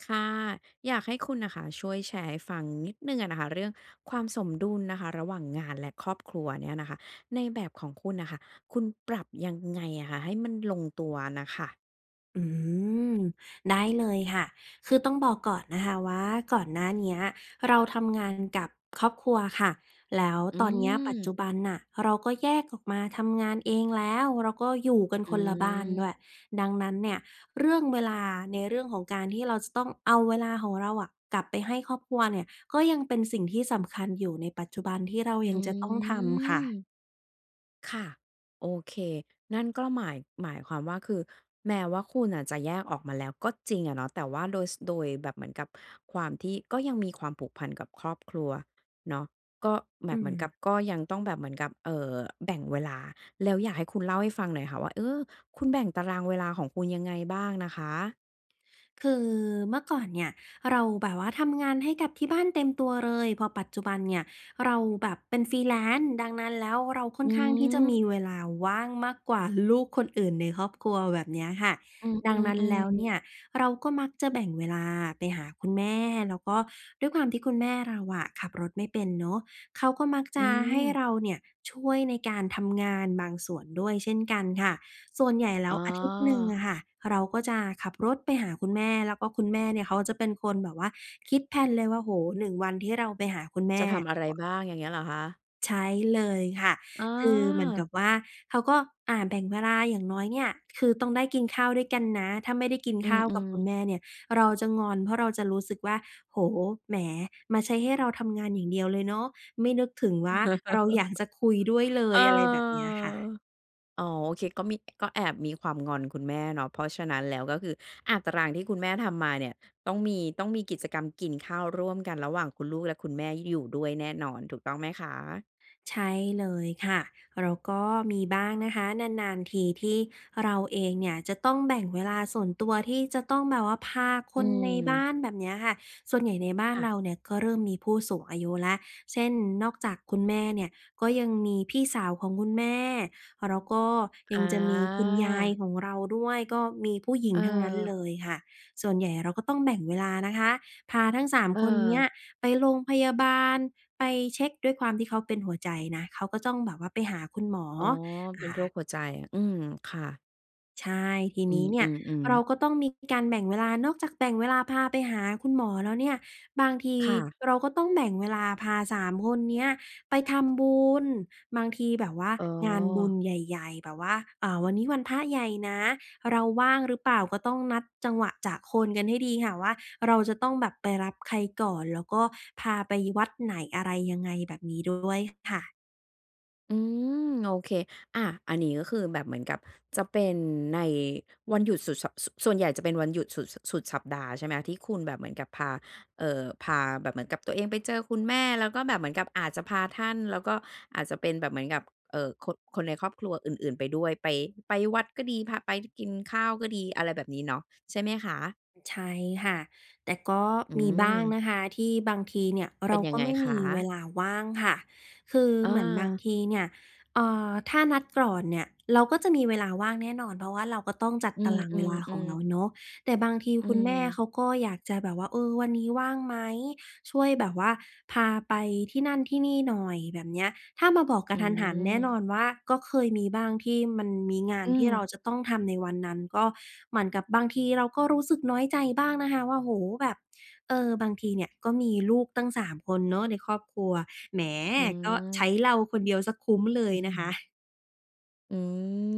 ค่ะ อยากให้คุณน่ะค่ะช่วยแชร์ให้ฟังนิดหนึ่งอะนะคะเรื่องความสมดุลนะคะระหว่างงานและครอบครัวเนี่ยนะคะในแบบของคุณน่ะค่ะ คุณปรับยังไงอะคะให้มันลงตัวน่ะค่ะ? อืม ได้เลยค่ะ คือต้องบอกก่อนนะคะว่าก่อนหน้าเนี้ยเราทำงานกับครอบครัวค่ะ แล้วอืตอนนี้ปัจจม ุบันน่ะเราก็แยกออกมาทำงานเองแล้ว เราก็อยู่กันอืคนละบ้านดม ้วย ดังนั้นเนี่ยเรื่องเวลาในเรื่องของการที่เราจะต้องเอาเวลาของเราอะกลับไปให้ครอบครัวเนี่ยก็ยังเป็นสิ่งที่สำคัญอยู่ในปัจจุบันที่เรายัองืจะต้องทำคม ่ะ ค่ะ โอเค นั่นก็หมาย หมายความว่า คือแม้ว่าคุณอะจะแยกออกมาแล้วก็จริงอะเนาะ แต่ว่าโดย ส โดยแบบเหมือนกับความที่ก็ยังมีความผูกพันกับครอบครัวเนาะ ก็แบอืบเหมือนกับ ม ก็ยังต้องแบบเหมือนกับ เอ่อ แบ่งเวลา แล้วอยากให้คุณเล่าให้ฟังหน่อยค่ะว่า เออ คุณแบ่งตารางเวลาของคุณยังไงบ้างนะคะ? คือเมื่อก่อนเนี่ยเราแบบว่าทำงานให้กับที่บ้านเต็มตัวเลย พอปัจจุบันเนี่ย เราแบบเป็น Freelance ดังนั้นแล้วเราค่ออืนข้างที่จะมม ีเวลาว่างมากกว่าลูกคนอื่นในครอบครัว แบบเนี้ยค่ะ อืดังนั้นแลอ ้วเๆ นๆ ี่ยเราก็มักจะแบ่งเวลาไปหาคุณแม่ แล้วก็ด้วยความที่คุณแม่เราอะขับรถไม่เป็นเนาะ เขาก็มักจอืะให้ม เราเนี่ยช่วยในการทำงานบางส่วนด้วยเช่นกันค่ะ ส่วนใหญ่แลอ้๋วอ อาทิตย์หนึ่งอะค่ะเราก็จะขับรถไปหาคุณแม่ แล้วก็คุณแม่เนี่ยเขาจะเป็นคนแบบว่าคิด แพลน เลยว่า โอ้โฮ 1 วันที่เราไปหาคุณแมจ่ ะทำอะไรบ้าง อย่างเงี้ยเหรอคะ? ใช้เลยค่ะ อ๋คือเหมือนกัอ บว่าเขาก็ อ่า แบ่งเวลาอย่างน้อยเนี่ยคือต้องได้กินข้าวด้วยกันนะ ถ้าไม่ได้กินอืข้าวกับม คุณๆ แม่เนี่ย เราจะงอน เพราะเราจะรู้สึกว่า โอ้โฮ แหม มาใช้ให้เราทำงานอย่างเดียวเลยเนาะ ไม่นึกถึงว่าเราอยากจะคุยด้วยเลเอย อ อะไรแบบเนี้ยค่ะ อ๋อ โอเคก็มี ก็แอบมีความงอนคุณแม่เนาะ เพราะฉะนั้นแล้วก็คือ อา ตารางที่คุณแม่ทำมาเนี่ย ต้องมี ต้องมีกิจกรรมกินข้าวร่วมกันระหว่างคุณลูกและคุณแม่อยู่ด้วยแน่นอน ถูกต้องไหมคะ? ใช่เลยค่ะ แล้วก็มีบ้างนะคะ นาน ๆ ทีที่เราเองเนี่ยจะต้องแบ่งเวลาส่วนตัวที่จะต้องแบบว่าพาคอืนในบ้าม น แบบเนี้ยค่ะ ส่วนใหญ่ในบ้าคน่ะ เราเนี่ยก็เริ่มมีผู้สูงอายุแล้ว เช่น นอกจากคุณแม่เนี่ย ก็ยังมีพี่สาวของคุณแม่ แล้วก็ยังจะมีคุณยายอา ของเราด้วย ก็มีผู้หญิงทั้งนั้นเเออ ลยค่ะ ส่วนใหญ่เราก็ต้องแบ่งเวลานะคะพาทั้ง 3 คนเนี้เออ ยไปโรงพยาบาล ไปเช็ก ด้วยความที่เขาเป็นหัวใจนะ เขาก็ต้องแบบว่าไปหาคุณหมอ อ๋อ เป็นอโรา คหัวใจ อืม ค่ะ ใช่ ทีอืนี้เนี่ยม เราๆ ๆ ก็ต้องมีการแบ่งเวลา นอกจากแบ่งเวลาพาไปหาคุณหมอแล้วเนี่ย บางทีค่ะ เราก็ต้องแบ่งเวลาพา 3 คนเนี้ยไปทำบุญ บางทีแบบว่าอ๋งานบุญอ ใหญ่ ๆ แบบว่า อ่า วันนี้วันพระใหญ่นะ เราว่างหรือเปล่า ก็ต้องนัดจังหวะจะโคนกันให้ดีค่ะ ว่าเราจะต้องแบบไปรับใครก่อน แล้วก็พาไปวัดไหน อะไรยังไง แบบนี้ด้วยค่ะ อืม โอเค อา อันนี้ก็คือแบบเหมือนกับจะเป็นใน วันหยุดสุดสัป ส ส่วนใหญ่จะเป็นวันหยุดสุด ส สุดสัปดาห์ ใช่ไหมคะ ที่คุณแบบเหมือนกับพา เอ่อ พาแบบเหมือนกับตัวเองไปเจอคุณแม่ แล้วก็แบบเหมือนกับอาจจะพาท่าน แล้วก็อาจจะเป็นแบบเหมือนกับ เอ่อ คน คนในครอบครัวอื่น ๆ ไปด้วย ไป ไปวัดก็ดี พาไปกินข้าวก็ดี อะไรแบบนี้เนาะ ใช่ไหมคะ? ใช่ค่ะ แต่ก็อืมีบ้างม นะคะ ที่บางทีเนี่ยเเปร็านยัก็งไงไม่มคีเวะ? ลาว่างค่ะ คืออเหมือนบางา ทีเนี่ย เอ่อ ถ้านัดก่อนเนี่ย เราก็จะมีเวลาว่างแน่นอน เพราะว่าเราก็ต้องจัดอืตารางเวลาของม เรๆ าๆ เนาะ แต่บางทีอืคุณแม่ม เขาก็อยากจะแบบว่า เออ วันนี้ว่างไหม ช่วยแบบว่าพาไปที่นั่นที่นี่หน่อย แบบเนี้ย ถ้ามาบอกกอืะทันหันแน่นอม นว่า ก็เคยมีบ้างที่มันมีงาอนืที่เราม จะต้องทำในวันนั้น ก็เหมือนกับบางทีเราก็รู้สึกน้อยใจบ้างนะคะว่า โอ้โฮ แบบ เออ บางทีเนี่ยก็มีลูกตั้ง 3 คนเนาะในครอบครัว แหม อืก็ใช้ม เราคนเดียวเสียคุ้มเลยอืนะคม ะ อื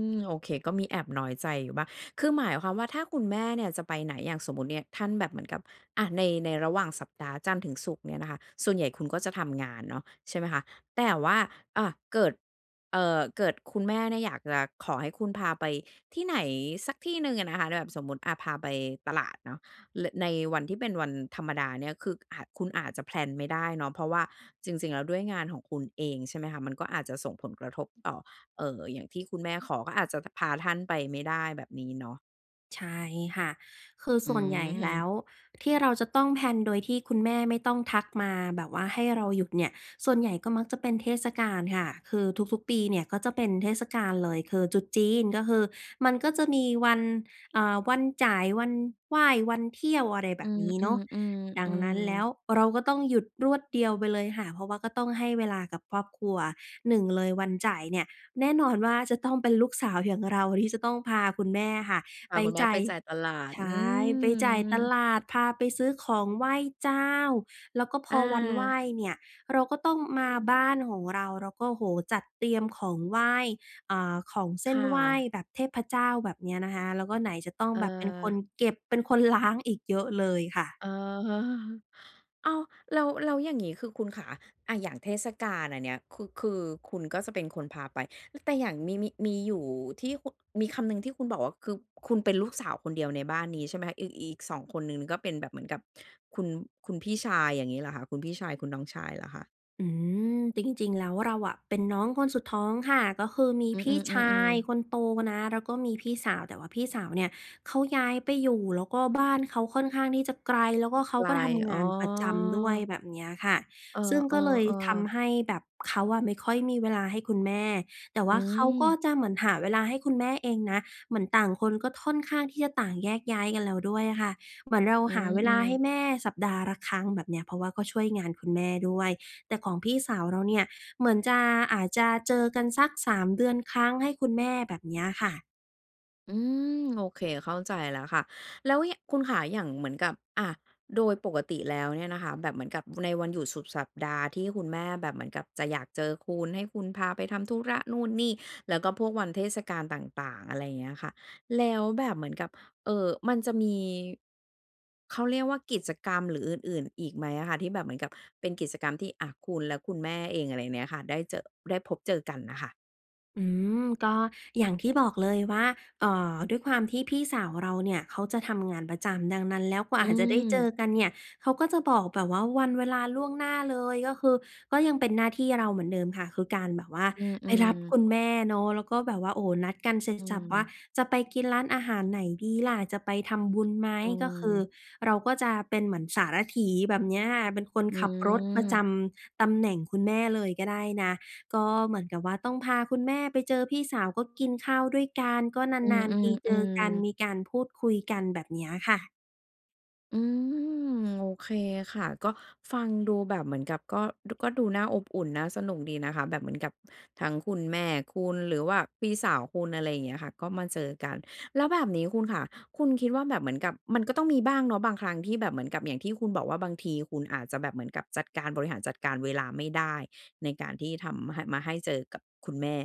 ม โอเค ก็มีแอบน้อยใจอยู่บ้าง คือหมายความว่าถ้าคุณแม่เนี่ยจะไปไหน อย่างสมมุติเนี่ยท่านแบบเหมือนกับ อะ ใน ในระหว่างสัปดาห์จันทร์ถึงศุกร์เนี่ยนะคะ ส่วนใหญ่คุณก็จะทำงานเนาะ ใช่ไหมคะ แต่ว่า อะ เกิด เอ่อ เกิดคุณแม่เนี่ยอยากจะขอให้คุณพาไปที่ไหนสักที่หนึ่งอะนะคะ ล แบบสมมุติ อา พาไปตลาดเนาะ ล ในวันที่เป็นวันธรรมดาเนี่ย คือ อ คุณอาจจะ แพลน ไม่ได้เนาะ เพราะว่าจริง ๆ แล้วด้วยงานของคุณเอง ใช่ไหมคะ มันก็อาจจะส่งผลกระทบต่อ เอ่อ อย่างที่คุณแม่ขอก็อาจจะ ท พาท่านไปไม่ได้ แบบนี้เนาะ ใช่ค่ะ คืออืส่วนใหญ่แล้ม วที่เราจะต้อง แพลน โดยที่คุณแม่ไม่ต้องทักมาแบบว่าให้เราหยุดเนี่ย ส่วนใหญ่ก็มักจะเป็นเทศกาลค่ะ คือทุก ๆ ปีเนี่ยก็จะเป็นเทศกาลเลยคือตรุษจีน ก็คือมันก็จะมีวัน อ่า วันจ่าย วันไหว้ วันเที่ยว อะไรแบอืบม นี้เนาะ ดังนั้นแล้ๆ วๆ ๆ เราก็ต้องหยุดรวดเดียวไปเลยค่ะ เพราะว่าก็ต้องให้เวลากับครอบครัว 1 เลยวันจ่ายเนี่ย แน่นอนว่าจะต้องเป็นลูกสาวอย่างเราที่จะต้องพาคุณแม่ค่ะพไาปคุณแม่จ่าไปย จ่ายตลาด ใชอื่ ไปจ่ายตม ลาด พาไปซื้อของไหว้เจ้า แล้วก็พออวันไหวา ้เนี่ยเราก็ต้องมาบ้านของเรา เราก็ โอ้โฮ จัดเตรียมของไหว้ อ่า ของเซค่น่ไหว้ะ แบบเทพเจ้า แบบนี้นะคะ แล้วก็ไหนจะต้องเแบบเป็นคออ นเก็บ เป็น คนล้าง อีก เยอะเลยค่ะ เออ อ้าว แล้ว แล้วอย่างงี้คือคุณขา อะ อย่างเทศกาลอันเนี้ย คือ คือคุณก็จะเป็นคนพาไป ล แต่อย่างมี มี มีอยู่ที่ คุ มีคำหนึ่งที่คุณบอกว่า คือคุณเป็นลูกสาวคนเดียวในบ้านนี้ใช่ไหมคะ? อีก อีก 2 คนหนึ่ง น ก็เป็นแบบเหมือนกับคุณ คุณพี่ชาย อย่างงี้เหรอคะ คุณพี่ชาย คุณน้องชายเหรอคะ? อืม จริง ๆ แล้วเราอะเป็นน้องคนสุดท้องค่ะ ก็คือมีอืม พี่ชาๆ ยๆ ๆ คนโตนะ แล้วก็มีพี่สาว แต่ว่าพี่สาวเนี่ยเขาย้ายไปอยู่ แล้วก็บ้านเขาค่อนข้างที่จะไกล แล้วก็เขาไกล ก็ทำงอ๋านประจำด้วย อ แบบเนี้ยค่ะ เอซึ่งก็เลยอ ทๆ ๆ ำให้แบบเขาอะไม่ค่อยมีเวลาให้คุณแม่ แต่วอ่าเขาก็ืม จะเหมือนหาเวลาให้คุณแม่เองนะ เหมือนต่างคนก็ท่อนข้างที่จะต่างแยกย้ายกันแล้วด้วยอะค่ะ เหมือนเราอืหาเวลาม ให้ๆ แม่สัปดาห์ละครั้ง แบบเนี้ย เพราะว่าก็ช่วยงานคุณแม่ด้วย แต่ของพี่สาวเราเนี่ยเหมือนจะ อาจจะเจอกันสัก 3 เดือนครั้งให้คุณแม่ แบบเนี้ยค่ะ อืม โอเค เข้าใจแล้วค่ะ แล้ว ย คุณขา อย่างเหมือนกับ อะ โดยปกติแล้วเนี่ยนะคะ แบบเหมือนกับในวันหยุดสุดสัปดาห์ที่คุณแม่แบบเหมือนกับจะอยากเจอคุณ ให้คุณพาไปทำธุระนู่นนี่ แล้วก็พวกวันเทศกาลต่าง ๆ อะไรอย่างเงี้ยค่ะ แล้วแบบเหมือนกับ เอ่อ มันจะมี เขาเรียกว่า กิจกรรมหรืออื่น ๆ อีกไหมอะคะ? ที่แบบเหมือนกับเป็นกิจกรรมที่ อะ คุณและคุณแม่เอง อะไรเนี้ยค่ะ ได้เจอะ ได้พบเจอกันน่ะค่ะ อืม ก็อย่างที่บอกเลยว่า เอ่อ ด้วยความที่พี่สาวเราเนี่ยเขาจะทำงานประจำ ดังนั้นแล้วกว่าอือาจจะได้เจอม กันเนี่ย เขาก็จะบอกแบบว่าวันเวลาล่วงหน้าเลย ก็คือก็ยังเป็นหน้าที่เราเหมือนเดิมค่ะ คือการแบบว่าอืไปรับม คๆ ุณแม่เนาะ แล้วก็แบบว่า โอ้โฮ นัดกันเสร็อจืสรรพว่า ม จะไปกินร้านอาหารไหนดีล่ะ จะไปทำบุญไหม อืก็คือม เราก็จะเป็นเหมือนสารถี แบบเนี้ยค่ะ เป็นคนอืขับรถประจม ำตำแหน่งคุณแม่เลยก็ได้นะ ก็เหมือนกับว่าต้องพาคุณแม่ไปเจอพี่สาว ก็กินข้าวด้วยกัน ก็อืนาม น ๆ ทีเจอกัน ๆ ๆ มีการพูดคุยกัน แบบเนี้ยค่ะ อืม โอเคค่ะ ก็ฟังดูแบบเหมือนกับก็ อ ก็ดูน่าอบอุ่น น่าสนุกดีนะคะ แบบเหมือนกับทั้งคุณแม่คุณ หรือว่าพี่สาวคุณ อะไรอย่างเงี้ยค่ะ ก็มาเจอกัน แล้วแบบนี้คุณค่ะ คุณคิดว่าแบบเหมือนกับ มันก็ต้องมีบ้างเนาะบางครั้งที่แบบเหมือนกับ อย่างที่คุณบอกว่าบางทีคุณอาจจะแบบเหมือนกับจัดการ บริหารจัดการเวลาไม่ได้ ในการที่ทำ ม ให้ มาให้เจอกับคุณแม่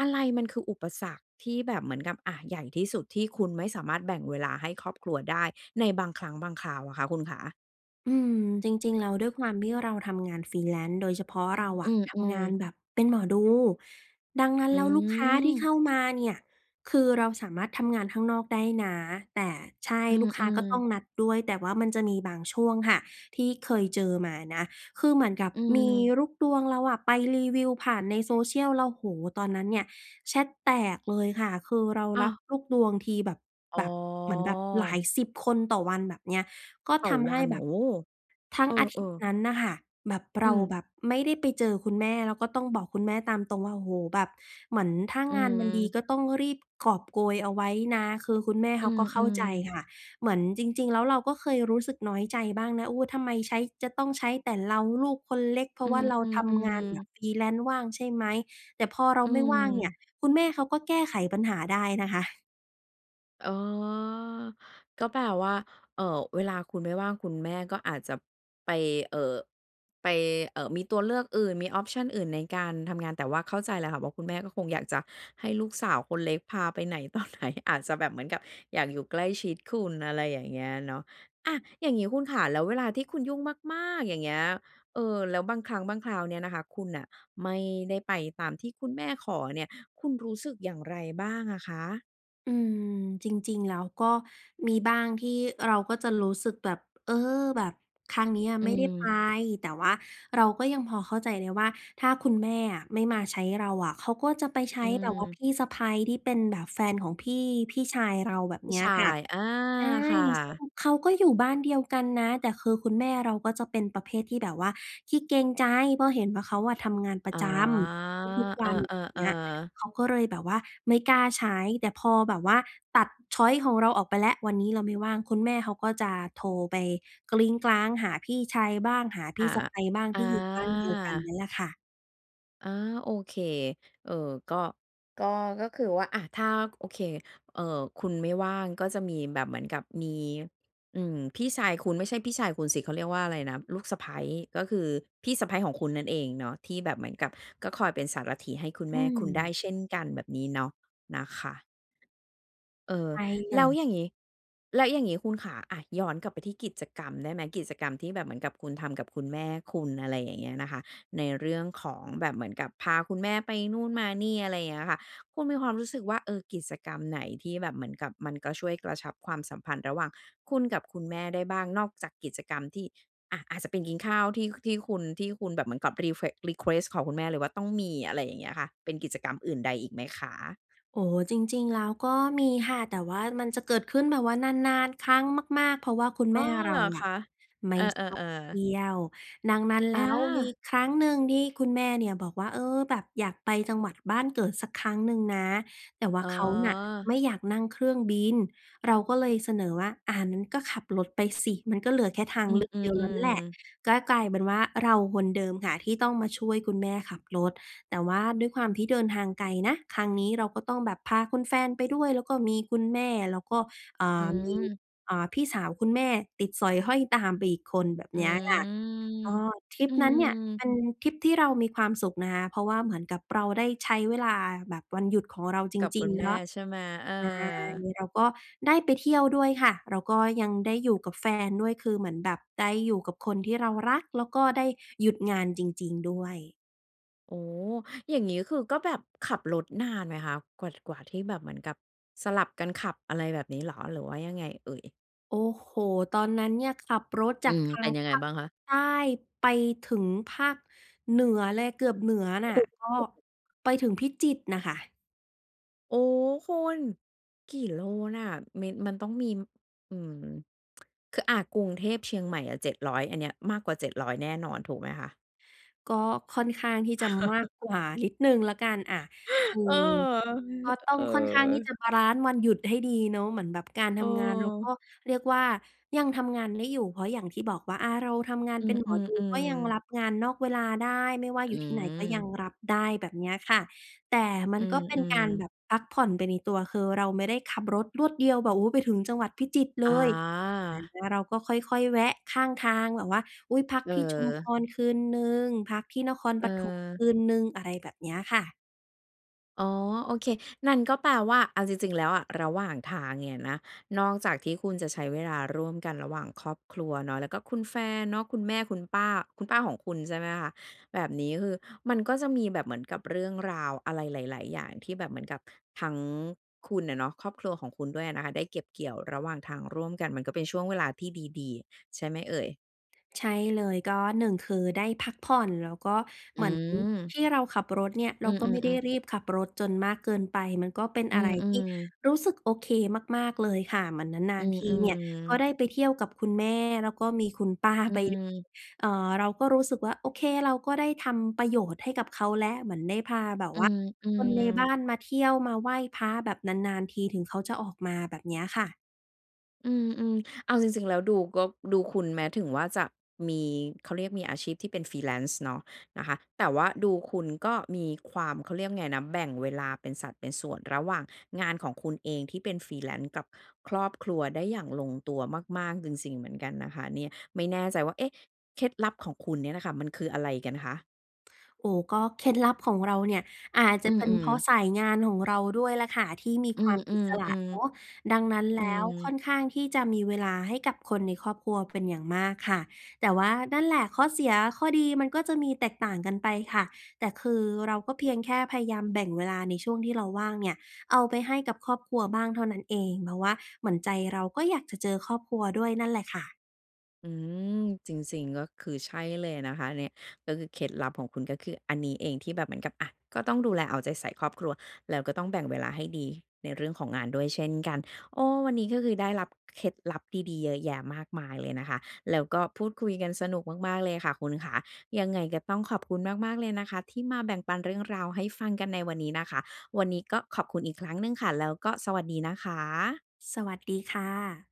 อะไรมันคืออุปสรรคที่แบบเหมือนกับ อะ ใหญ่ที่สุดที่คุณไม่สามารถแบ่งเวลาให้ครอบครัวได้ในบางครั้งบางคราวอะคะคุณขา? อืม จริง ๆ แล้วด้วยความที่เราทำงาน freelance โดยเฉพาะเราออืะ ทำงม านๆ แบบเป็นหมอดู ดังนั้นอืแล้วลูกค้าที่เขม ้ามาเนี่ย คือเราสามารถทำงานข้างนอกได้นะ แต่ใช่ อืลูกค้ากม ็ต้อๆ งนัดด้วย แต่ว่ามันจะมีบางช่วงค่ะ ที่เคยเจอมานะ คือเหมือนกับอืมีม ลูกดวงเราอะไปรีวิวผ่านใน social แล้ว โอ้โฮ ตอนนั้นเนี่ยแชตแตกเลยค่ะ คือเราอ้ราับว ลูกดวงที แบบ อ๋แบบ เหมือนแบบหลาอ ยสิบคนต่อวันแบบเนี้ย ก็ต่ทอำวให้ัน แบโบ อ้! ทั้เงออาทิตยอ ์ๆ นั้นน่ะค่ะ แบบเอรืาม แบบไม่ได้ไปเจอคุณแม่ แล้วก็ต้องบอกคุณแม่ตามตรงว่า โอ้โฮ แบบเหมือนถ้าอืงานมันดี อ ก็ต้องรีบกอบโกยเอาไว้นะ คือคุณแม่เอขืาก็เข้าม ใจๆ ค่ะ เหมือนจริง ๆ แล้วเราก็เคยรู้สึกน้อยใจบ้างนะ โอ้ ทำไมใช้ จะต้องใช้แต่เราลูกคนเล็ก เพราอืะว่าเราทำงาม นแบๆ บ ๆ freelance ว่างใช่ไหม แต่พอเราอืไม่ว่างเนี่ย ม คุณแม่เขาก็แก้ไขปัญหาได้นะคะ อ๋อ ก็แปลว่า เอ่อ เวลาคุณไม่ว่างคุณแม่ก็อาจจะ ไป เอ่อ ไป เอ่อ มีตัวเลือกอื่น มี ออปชัน อื่นในการทำงาน แต่ว่าเข้าใจแล้วค่ะ ว่าคุณแม่ก็คงอยากจะให้ลูกสาวคนเล็กพาไปไหน ต่อไหน อาจจะแบบเหมือนกับอยากอยู่ใกล้ชิดคุณ อะไรอย่างเงี้ยเนาะ อา อย่างงี้คุณขา แล้วเวลาที่คุณยุ่งมาก ๆ อย่างเงี้ย เออ แล้วบางครั้งบางคราวเนี่ยนะคะ คุณน่ะ ไม่ได้ไปตามที่คุณแม่ขอเนี่ย คุณรู้สึกอย่างไรบ้างอะคะ? อืม จริง ๆ แล้วก็มีบ้างที่เราก็จะรู้สึกแบบ เออ แบบครั้งเนี้ยอืไม่ได้ไป ม แต่ว่าเราก็ยังพอเข้าใจได้ว่า ถ้าคุณแม่อะไม่มาใช้เราอะเขาก็จะไปใชอ้ืแบบว่าพม ี่สะใภ้ ที่เป็นแบบแฟนของพี่ พี่ชายเรา แบบพีเ่นี้ชยาค่ะ ย อา ใช่ ค่ซึ่ะ งเขาก็อยู่บ้านเดียวกันนะ แต่คือคุณแม่เราก็จะเป็นประเภทที่แบบว่าขี้เกรงใจ เพราะเห็นว่าเขาอะทำงานปรอะ๋อ จำทุก ๆ วเอัน อย่างเอ งี้ย ๆ ๆ เขาก็เลยแบบว่าไม่กล้าใช้ แต่พอแบบว่าตัด ชอยซ์ ของเราออกไปแล้ว วันนี้เราไม่ว่าง คุณแม่เขาก็จะโทรไป หาพี่ชายบ้าง หาพอี่า สะใภ้บ้าง อที่อยู่บ้านเดียวกันนา ี่แหละค่ะ อา โอเค เออ ก็ ก็ ก็คือว่า อา ถ้า โอเค เอ่อ คุณไม่ว่าง ก็จะมีแบบเหมือนกับมี อืม พี่ชายคุณ ไม่ใช่พี่ชายคุณสิ เขาเรียกว่าอะไรนะ ลูกสะใภ้ ก็คือพี่สะใภ้ของคุณนั่นเองเนาะ ที่แบบเหมือนกับก็คอยเป็นสารถีให้คุณแอม่ืคุณได้ม เช่นกัน แบบนี้เนาะ นะคะ เออ ใช่เลแล้วย อย่างงี้ แล้วอย่างงี้คุณขา อา ย้อนกลับไปที่กิจกรรมได้ไหม กิจกรรมที่แบบเหมือนกับคุณทำกับคุณแม่คุณ อะไรอย่างเงี้ยนะคะ ในเรื่องของแบบเหมือนกับ พาคุณแม่ไปนู่นมานี่ อะไรอย่างเงี้ยค่ะ คุณมีความรู้สึกว่า เออ กิจกรรมไหนที่แบบเหมือนกับมันก็ช่วยกระชับความสัมพันธ์ระหว่างคุณกับคุณแม่ได้บ้าง นอกจากกิจกรรมที่ อา อาจจะเป็นกินข้าวที่ ค ที่คุณ ที่คุณแบบเหมือนกับ reflex รีเควสต์ ขอคุณแม่เลยว่าต้องมี อะไรอย่างเงี้ยค่ะ เป็นกิจกรรมอื่นใดอีกไหมคะ? โอ้ จริง ๆ แล้วก็มีค่ะ แต่ว่ามันจะเกิดขึ้นแบบว่านาน ๆ ครั้งมาก ๆ เพราะว่าคุณอแ๋มอ ่เเรหราออคะะ? ไมเอ่อ ชอบเทๆ ๆ ี่ยว ดังนั้นแอล้ว มีา! ครั้งหนึ่งที่คุณแม่เนี่ยบอกว่า "เออ แบบอยากไปจังหวัดบ้านเกิดสักครั้งหนึ่งนะ" แต่ว่าอ๋เขาน่ะอ ไม่อยากนั่งเครื่องบิน เราก็เลยเสนอว่า "อา งั้นก็ขับรถไปสิ มันก็เหลือแค่ทางอืเลม ือกเดียวแล้วแหละ" ๆ ๆ ก็กลายเป็นว่าเราคนเดิมค่ะที่ต้องมาช่วยคุณแม่ขับรถ แต่ว่าด้วยความที่เดินทางไกลนะ ครั้งนี้เราก็ต้องแบบพาคุณแฟนไปด้วย แล้วก็มีคุณแม่ แล้วก็ อ่อืา มี ม อ่า พี่สาวคุณแม่ติดสอยห้อยตามไปอีกคน แบบอืเนี้ยค่ะ ม ก็ทริปอืนั้นเนี่ยเปม ็นทริปที่เรามีความสุขนะคะ เพราะว่าเหมือนกับเราได้ใช้เวลาแบบวันหยุดของเราจกับรคิุง ณๆ แมแล่้ว ใชใ่ชไหม? เอ่ อ เราก็ได้ไปเที่ยวด้วยค่ะ แล้วก็ยังได้อยู่กับแฟนด้วย คือเหมือนแบบได้อยู่กับคนที่เรารัก แล้วก็ได้หยุดงานจริง ๆ ด้วย โอ้ อย่างนี้ก็คือ ก็แบบขับรถนานไหมคะ? กว่า ท กว่าที่แบบเหมือนกับ สลับกันขับอะไรแบบนี้เหรอ หรือว่ายังไงเอ่ย? โอ้โฮ ตอนนั้นเนี่ยขับรถอจืากม ทาเปง็นยัภงไงาคบ้างคะ? ใต้ไปถึงภาคเหนือเลย เกือบเหนือโอ้โนฮ ่โะ อ้ ก็ไปถึงพิจิตรน่ะค่ะ โอ้ คุณกี่โลน่ะ? มี มันต้องมี อืม คือ อ่า กรุงเทพ-เชียงใหม่อะ 700 อันเนี้ยมากกว่า 700 แน่นอน ถูกไหมคะ? ก็ค่อนข้างที่จะมากกว่านิดหนึ่งแล้วกัน อะ คืเออ อก็ตเ้อองค่อนข้างที่จอ ะบาลันซ์วันหยุดให้ดีเนาะ เหมือนแบบการทเำงาน เรากออ ็เรียกว่ายังทำงานได้อยู่ เพราะอย่างที่บอกว่า อา เราทำงานอืเป็นหมอม ดูก็ยังๆ ๆ รับงานนอกเวลาได้ ไม่ว่าออยืู่ที่ไหนก็ยังม รับได้ แบบเนี้ยค่ะ แต่มัอืนก็เป็นกม ารแๆ บบพักผ่อนไปในตัว คือเราไม่ได้ขับรถรวดเดียวแบบ โอ้โฮ ไปถึงจังหวัดพิจิตรเลย อา อา เราก็ค่อย ๆ แวะข้างทางแบบว่า อุ๊ย พักที่ชุมพเออ รคืนหนึ่ง พักที่นครปเฐมคออ ืนหนึ่ง อะไรแบบเนี้ยค่ะ อ๋อ โอเค นั่นก็แปลว่า เอาจริง ๆ แล้วอะ ระหว่างทางเนี่ยนะ นอกจากที่คุณจะใช้เวลาร่วมกันระหว่างครอบครัวเนาะ แล้วก็คุณแฟนเนาะ คุณแม่ คุณป้า คุณป้าของคุณ ใช่ไหมคะ แบบนี้คือมันก็จะมีแบบเหมือนกับเรื่องราวอะไรหลาย ๆ อย่าง ที่แบบเหมือนกับทั้งคุณอะเนาะ ครอบครัวของคุณด้วยนะคะ ได้เก็บเกี่ยวระหว่างทางร่วมกัน มันก็เป็นช่วงเวลาที่ดี ๆ ใช่ไหมเอ่ย? ใช่เลย ก็ 1 คือ ได้พักผ่อน แล้วก็อเหมือนืทม ี่เราขับรถเนี่ย เรอาืก็ไมม ่ได้ๆ ๆ รีบขับรถจนมากเกินไป มันก็เป็นอือะไรที่ม ๆ รู้สึกโอเคมาก ๆ เลยค่ะ เหมือนนาอืน ๆ ทีเนี่ย ก็ม ๆ ได้ไปเที่ยวกับคุณแม่ แล้วก็มีคุณป้าอืไปด้วย ม เอ่อ เราก็รู้สึกว่า โอเค เราก็ได้ทำประโยชน์ให้กับเขาแล้ว เหมือนได้พาแบบอืว่าคนม ในบ้ๆ านมาเที่ยวมาไหว้พระ แบบนาน ๆ ทีถึงเขาจะออกมา แบบเนี้ยค่ะ อืม ๆ เอาจริง ๆ แล้วดูก็ ดูคุณ แม้ถึงว่าจะมี เขาเรียก มีอาชีพที่เป็น freelance เนาะ นะคะ แต่ว่าดูคุณก็มีความ เขาเรียกว่าไงนะ แบ่งเวลาเป็นสัดเป็นส่วน ระหว่างงานของคุณเองที่เป็น freelance กับครอบครัวได้อย่างลงตัวมาก ๆ จริง ๆ เหมือนกันนะคะเนี่ย ไม่แน่ใจว่า เอ๊ะ! เคล็ดลับของคุณเนี่ยน่ะค่ะ มันคืออะไรกันคะ? โอ้ ก็เคล็ดลับของเราเนี่ย อาจจอะืเป็นเพม ราะๆ สายงานของเราด้วยล่ะค่ะ ที่มีอืควม ามอิสๆ ระเนาะ ๆ ดังนั้นอแืล้ว ค่ม อนข้างที่จะมีเวลาให้กับคนในครอบครัวเป็นอย่างมากค่ะ แต่ว่า นั่นแหละ ข้อเสียข้อดี มันก็จะมีแตกต่างกันไปค่ะ แต่คือเราก็เพียงแค่พยายามแบ่งเวลาในช่วงที่เราว่างเนี่ย เอาไปให้กับครอบครัวบ้างเท่านั้นเอง เพราะว่าเหมือนใจเราก็อยากจะเจอครอบครัวด้วยนั่นแหละค่ะ อืม จริง ๆ ก็คือใช่เลยนะคะอันนี้ ก็คือเคล็ดลับของคุณ ก็คืออันนี้เองที่แบบเหมือนกับ อา ก็ต้องดูแลเอาใจใส่ครอบครัว แล้วก็ต้องแบ่งเวลาให้ดีในเรื่องของงานด้วยเช่นกัน โอ้ วันนี้ก็คือได้รับเคล็ดลับดี ๆ เยอะแยะมากมายเลยนะคะ แล้วก็พูดคุยกันสนุกมาก ๆ เลยค่ะคุณขา ยังไงก็ต้องขอบคุณมาก ๆ เลยนะคะที่มาแบ่งปันเรื่องราวให้ฟังกันในวันนี้นะคะ วันนี้ก็ขอบคุณอีกครั้งหนึ่งค่ะ แล้วก็สวัสดีนะคะ สวัสดีค่ะ